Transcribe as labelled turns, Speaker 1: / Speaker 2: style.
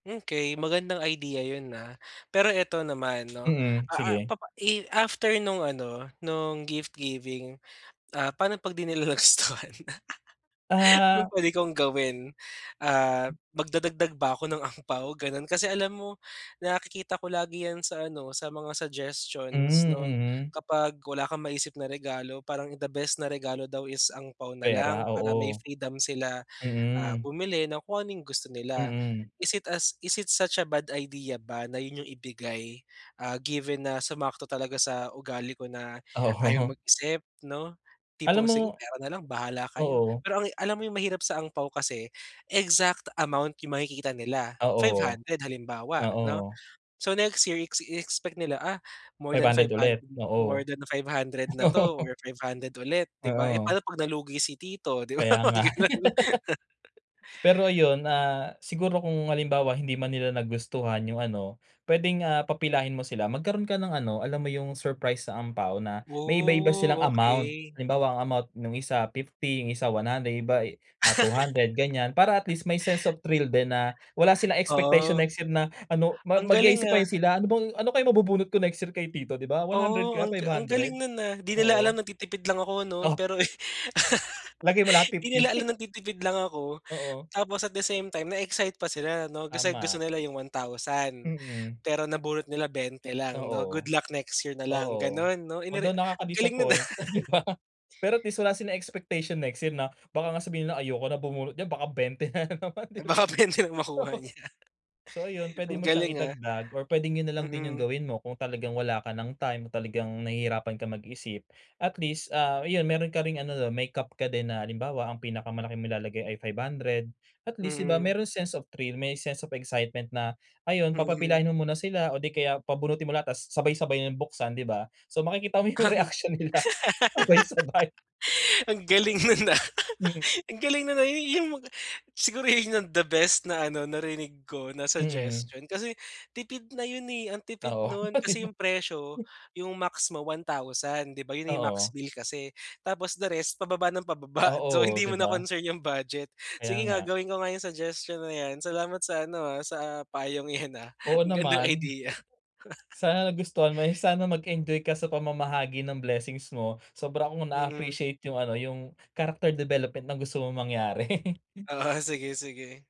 Speaker 1: Okey, magandang idea 'yon, ah. Pero ito naman, 'no,
Speaker 2: Mm,
Speaker 1: ah ah
Speaker 2: sige.
Speaker 1: i after nung ano, nung gift giving, ah, paano 'pag 'di nila nagustuhan? Anong
Speaker 2: Ah.
Speaker 1: puwede kong gawin? Ah, magdadagdag ba ako ng ampao, gano'n? Kasi, alam mo, nakikita ko lagi 'yan sa ano, sa mga
Speaker 2: Hmm,
Speaker 1: suggestions 'no,
Speaker 2: mhm.
Speaker 1: kapag wala kang maisip na regalo, parang the best na regalo daw is ampao na
Speaker 2: Pera,
Speaker 1: lang para may
Speaker 2: oo,
Speaker 1: freedom sila, ah,
Speaker 2: mm.
Speaker 1: bumili ng kung ano'ng gusto nila.
Speaker 2: Mm.
Speaker 1: Is it is it such a bad idea ba na 'yon 'yung ibigay, ah, given na sumakto talaga sa ugali ko na ayaw
Speaker 2: Oo.
Speaker 1: mag-isip, 'no?
Speaker 2: Alam
Speaker 1: Tipong,
Speaker 2: mo
Speaker 1: "Sige, pera na lang, bahala kayo."
Speaker 2: oo.
Speaker 1: Pero ang alam mo, 'yung mahirap sa ampao, kasi exact amount 'yung makikita nila five
Speaker 2: Oo,
Speaker 1: hundred halimbawa 'no
Speaker 2: oo.
Speaker 1: so next year, iex-expect nila, ah, more
Speaker 2: Five
Speaker 1: than five
Speaker 2: hundred
Speaker 1: hundred,
Speaker 2: ulit,
Speaker 1: more
Speaker 2: oo.
Speaker 1: than 500 na 'to or 500 ulit, 'di ba?
Speaker 2: Oo.
Speaker 1: Parang 'pag nalugi si tito, 'di ba
Speaker 2: Kaya
Speaker 1: mga
Speaker 2: nga.
Speaker 1: gano'n.
Speaker 2: Pero ayun, ah, siguro kung halimbawa hindi man nila nagustuhan 'yung ano, puwedeng, ah, papilahin mo sila, magkaroon ka ng ano, alam mo 'yung surprise sa ampao na may iba-ibang silang
Speaker 1: Oh,
Speaker 2: amount.
Speaker 1: okey.
Speaker 2: Halimbawa, ang amount nung isa 50, yung isa 100, yung iba, ah, 200, gan'yan, para at least may sense of thrill din na wala silang expectation
Speaker 1: Oh,
Speaker 2: next year na ano
Speaker 1: ang galing
Speaker 2: mag-isip pa
Speaker 1: ah.
Speaker 2: sila, "Ano bang ano kaya mabubunot ko next year kay tito," 'di ba? "100
Speaker 1: Oo,
Speaker 2: ba o
Speaker 1: ang
Speaker 2: five
Speaker 1: ang
Speaker 2: hundred?"
Speaker 1: galing nun, ah. 'Di nila alam
Speaker 2: Oo.
Speaker 1: nagtitipid lang ako, 'no?
Speaker 2: Oh.
Speaker 1: Pero, eh,
Speaker 2: Lagay mo lahat
Speaker 1: 'di
Speaker 2: 50.
Speaker 1: nila alam nagtitipid lang ako,
Speaker 2: Oo.
Speaker 1: tapos at the same time, na-excite pa sila 'no, gusto
Speaker 2: Tama.
Speaker 1: nila 'yung 1,000
Speaker 2: Mm.
Speaker 1: pero nabunot nila 20 lang, 'no?
Speaker 2: Oo,
Speaker 1: Good luck next year na lang,
Speaker 2: oo,
Speaker 1: gano'n, no?
Speaker 2: huwag although
Speaker 1: Galing nun, ah.
Speaker 2: nakakadisappoint, 'di ba, pero at least wala ring expectation next year na baka nga sabihin nila, "Ayoko na bumunot diyan, baka 20 na naman," 'di
Speaker 1: Baka
Speaker 2: ba?
Speaker 1: puwede lang makuha
Speaker 2: Oo
Speaker 1: niya.
Speaker 2: So ayun, puwede
Speaker 1: Ang
Speaker 2: mo siyang
Speaker 1: galing, ah.
Speaker 2: idagdag or puwedeng 'yun na lang din 'yung
Speaker 1: Mm.
Speaker 2: gawin mo kung talagang wala ka nang time o talagang nahihirapan kang mag-isip. At least, ah, ayun, meron ka ring ano, 'no cap ka din na halimbawa, ang pinakamalaki mong ilalagay ay 500. At least, 'di ba,
Speaker 1: Mm.
Speaker 2: merong sense of thrill, may sense of excitement na ayon,
Speaker 1: Mm.
Speaker 2: papapilahin mo muna sila, o 'di kaya pabunutin mo lahat tapos sabay-sabay na buksan, 'di ba? So makikita mo yung
Speaker 1: Ang,
Speaker 2: reaction nila sabay-sabay.
Speaker 1: ang galing nun, ah,
Speaker 2: Hmm.
Speaker 1: ang galing nun, ah. 'Yung siguro 'yun ang the best na ano, narinig ko na
Speaker 2: Mm.
Speaker 1: suggestion kasi tipid na 'yun, eh. Ang tipid
Speaker 2: Oo,
Speaker 1: nun
Speaker 2: oh 'di
Speaker 1: kasi
Speaker 2: ba?
Speaker 1: 'yung presyo, 'yung max mo 1,000, 'di ba, 'yon na yung max
Speaker 2: Oo.
Speaker 1: bill kasi. Tapos the rest pababa nang pababa, so
Speaker 2: Oo,
Speaker 1: hindi
Speaker 2: 'di
Speaker 1: mo na
Speaker 2: ba?
Speaker 1: concern 'yung budget.
Speaker 2: Kaya
Speaker 1: Sige nga,
Speaker 2: nga
Speaker 1: gawin ko nga 'yung suggestion na 'yan. Salamat sa ano, ah, sa payong iyan, ah.
Speaker 2: Oo
Speaker 1: Ang gandang
Speaker 2: naman.
Speaker 1: idea.
Speaker 2: Sana nagustuhan mo, sana mag-enjoy ka sa pamamahagi ng blessings mo. Sobra kong
Speaker 1: Mm.
Speaker 2: naa-appreciate 'yung ano, 'yung character development na gusto mong mangyari.
Speaker 1: Oo, sige, sige.